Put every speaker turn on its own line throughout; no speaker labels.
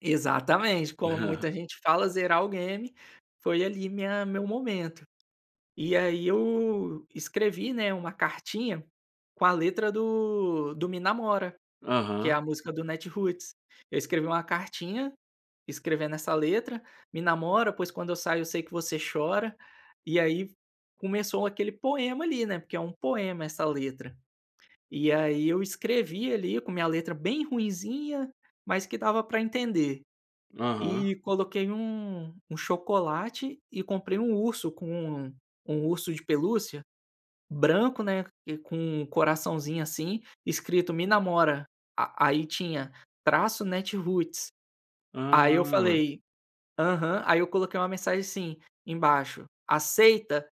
Exatamente, como muita gente fala zerar o game, foi ali minha meu momento, e aí eu escrevi, né, uma cartinha com a letra do do me namora, que é
Aham.
a música do Natiruts, eu escrevi uma cartinha, escrevendo essa letra, "Me namora pois quando eu saio eu sei que você chora". E aí começou aquele poema ali, né, porque é um poema essa letra, e aí eu escrevi ali com minha letra bem ruinzinha, mas que dava para entender,
Aham.
e coloquei um um chocolate e comprei um urso com um um urso de pelúcia, branco, né, e com coraçãozinho assim escrito: "Me namora", a aí tinha traço Natiruts. Aí eu
Ah.
falei aham, aí eu coloquei uma mensagem assim embaixo: "Aceita?"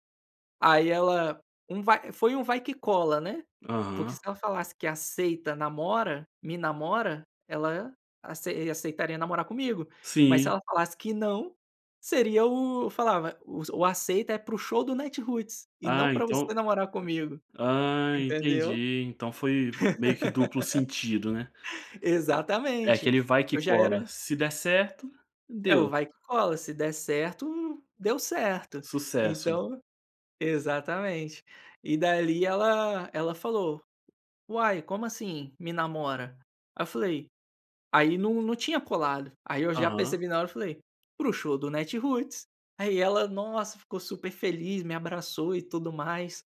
Aí ela um vai foi um vai que cola, né, porque
Aham.
se ela falasse que aceita namora, me namora, ela acei aceitaria namorar comigo, mas se
Sim.
ela falasse que não, seria o falava, o aceita é para o show do Natiruts e não
Ah
para você
então
namorar comigo,
ah
entendeu?
entendi, então foi meio que duplo sentido né. É
Exatamente,
aquele vai que
eu já
cola,
era
se der certo,
É o
deu.
vai que cola se der certo, deu certo,
Sucesso.
então Exatamente, e dali ela ela falou: "Uai como assim, me namora?" Aí eu falei, aí não não tinha colado, aí eu já
Aham.
percebi na hora eu falei: "Para o show do Natiruts", aí ela, nossa, ficou super feliz, me abraçou e tudo mais,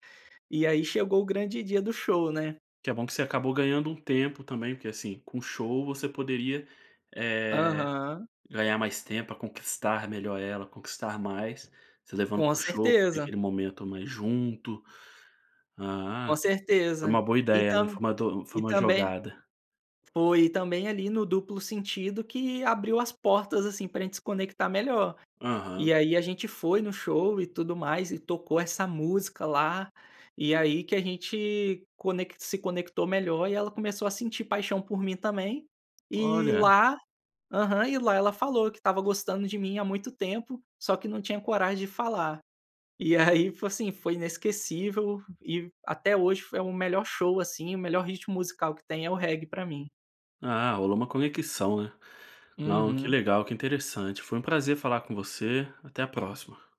e aí chegou o grande dia do show, né.
Que é bom que você acabou ganhando um tempo também, porque, assim, com show você poderia, eh,
Aham.
ganhar mais tempo pra conquistar melhor ela, conquistar mais, você levando
Com
para o show para ter
certeza.
aquele momento mais junto. Ah,
Com
é uma
certeza,
boa
e
ideia, né,
tam
foi uma do foi uma foi
e
uma
também
jogada.
Foi, e também ali no duplo sentido que abriu as portas assim para gente se conectar melhor.
Aham.
E aí a gente foi no show e tudo mais e tocou essa música lá, e aí que a gente conec se conectou melhor e ela começou a sentir paixão por mim também, e
Olha.
lá aham, e lá ela falou que estava gostando de mim há muito tempo, só que não tinha coragem de falar, e aí foi, assim, foi inesquecível, e até hoje foi o melhor show, assim, o melhor ritmo musical que tem é o reggae para mim.
Ah, rolou uma conexão, né. Não, que
Uhum.
legal, que interessante, foi um prazer falar com você, até a próxima.